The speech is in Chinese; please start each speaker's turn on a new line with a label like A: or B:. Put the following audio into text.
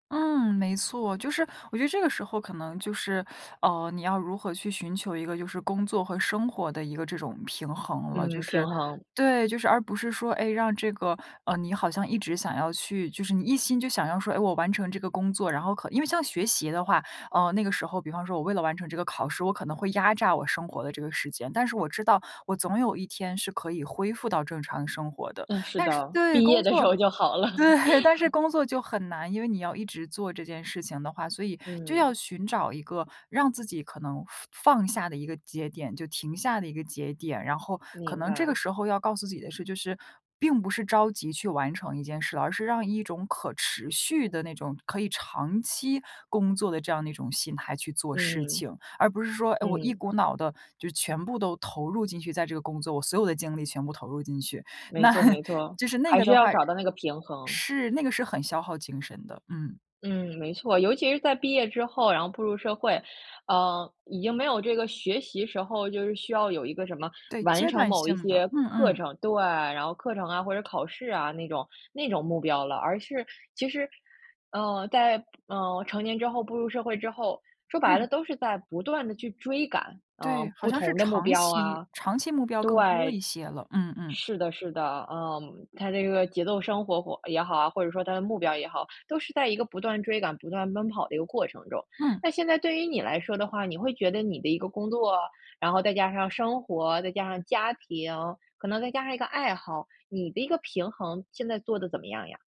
A: 嗯，没错。就是我觉得这个时候可能就是，呃，你要如何去寻求一个就是工作和生活的一个这种平衡了。就
B: 嗯，平
A: 是
B: 衡。
A: 对，就是而不是说，哎，让这个嗯，你好像一直想要去就是你一心就想要说，哎，我完成这个工作。然后可因为像学习的话，呃，那个时候比方说我为了完成这个考试，我可能会压榨我生活的这个时间，但是我知道，我总有一天是可以恢复到正常的生活的。
B: 嗯，是
A: 但是
B: 的。
A: 对，
B: 毕业
A: 工
B: 的时
A: 作
B: 候就好了。
A: 对，但是工作就很难。因为你要一直做这件事情的话，所以就要
B: 嗯。
A: 寻找一个让自己可能放放下的一个节点，就停下的一个节点。然后，可
B: 明
A: 能这
B: 白。
A: 个时候要告诉自己的是就是，并不是着急去完成一件事了，而是让一种可持续的那种可以长期工作的这样一种心态去做事
B: 嗯
A: 情。而不是说，哎，我
B: 嗯，
A: 一
B: 嗯。
A: 股脑地，就全部都投入进去在这个工作，我所有的精力全部投入进去。
B: 没
A: 那
B: 错没错。
A: 就是那
B: 还
A: 个
B: 是
A: 的
B: 要
A: 话
B: 找到那个平衡。
A: 是，那个是很消耗精神的，嗯。
B: 嗯，没错。尤其是在毕业之后，然后步入社会，呃，已经没有这个学习时候，就是需要有一个什么，
A: 对，
B: 完
A: 阶
B: 成
A: 段
B: 某一
A: 性的。
B: 些
A: 嗯
B: 课
A: 嗯。
B: 程对，然后课程啊，或者考试啊，那种那种目标了。而是其实，呃，在步呃，成年之后步入社会之后，说白
A: 嗯。
B: 了都是在不断地去追赶，嗯，
A: 对，好
B: 不
A: 像是
B: 同的目
A: 长
B: 标
A: 期
B: 啊。
A: 长期目标更多一
B: 对，
A: 些了，嗯嗯。
B: 是的是的，嗯。它这个节奏生活活也好啊，或者说它的目标也好，都是在一个不断追赶、不断奔跑的一个过程中。
A: 嗯。
B: 那现在对于你来说的话，你会觉得你的一个工作，然后再加上生活、再加上家庭，可能再加上一个爱好，你的一个平衡，现在做得怎么样呀？